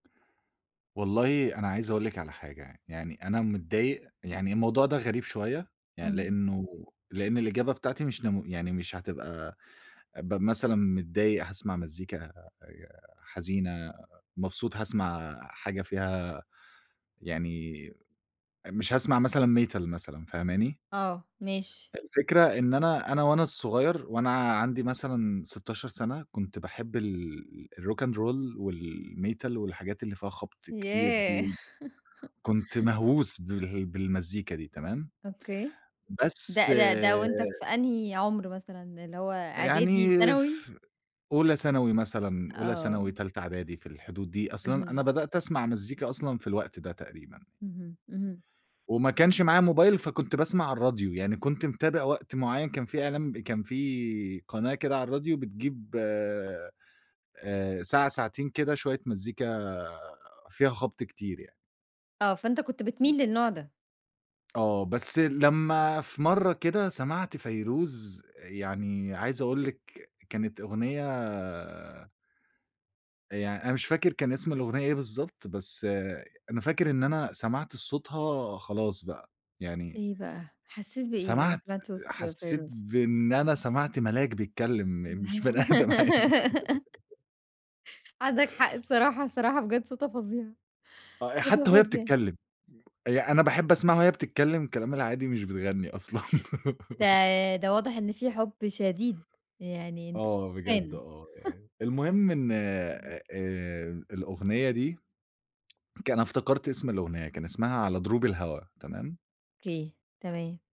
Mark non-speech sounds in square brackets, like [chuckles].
والله أنا عايز أقول لِك على حاجة يعني، يعني أنا متضايق، يعني الموضوع ده غريب شوية يعني، إمم. لإنه لإن الإجابة بتاعتي مش نمو يعني مش هتبقى أبقى مثلًا متضايق هاسمَع مزيكا آآ حزينة، مبسوط هاسمَع حاجة فيها يعني مش هاسمَع مثلًا Metal مثلًا، فاهماني؟ آه، ماشي. الفكرة إن أنا أنا وأنا صغير، وأنا عندي مثلًا 16 سَنة، كنت باحب ال الRock and Roll والMetal، والحاجات اللي فيها خبْط كتير دي، ياه! وكنت مهووس بال بالمزيكا دي تمام؟ أوكي. بس ده ده ده وأنت في أنهي عُمر مثلًا؟ اللي هو إعدادي، يعني ثانوي؟ في أولى ثانوي مثلًا، أولى ثانوي، آه. تالتة إعدادي، في الحدود دي. أصل أنا، أنا اهم. بدأت أسمَع مزيكا أصلًا في الوقت ده تقريبًا. اهم، اهم. وما كانش معايا موبايل، فكنت باسمَع على الراديو. يعني كنت متابع وقت معين، كان في إعلان كان في قناة كده على الراديو، بتجيب آآ ساعة ساعتين كده، شوية مزيكا فيها خبْط كتير يعني. آه، فأنت كنت إمم. بتميل للنوع ده. آه، بس لمّا في مرّة كده سمَعت فيروز يعني عايز أقول لِك كانت أغنية يعني أنا مش فاكر كان اسم الأغنية إيه بالضبط، بس أنا فاكر إن أنا سمَعت صوتها خلاص بقى، يعني إيه بقى؟ حسيت بإيه لمّا سمَعت سمِعت صُوت حسيت فيروز؟ بإن أنا سمَعت ملاك بيتكلم، مش بني آدم عادي. [laughs] عندك حق الصراحة، الصراحة بجد صوتها فظيع، آه، صوتها حتى وهي فظيع. بتتكلم. ي أنا باحب أسمَعها وهي بتتكلم كلامها العادي مش بتغني أصلًا. ده، [laughs] ده واضح إن في حُب شديد، يعني أنت آه بجد fan. آه [chuckles] يعني. المهم إن [unintelligible] آآ الأغنية دي كا أنا افتكرت اسم الأغنية، كان اسمها على دروب الهوا، تمام؟ أوكي، تمام.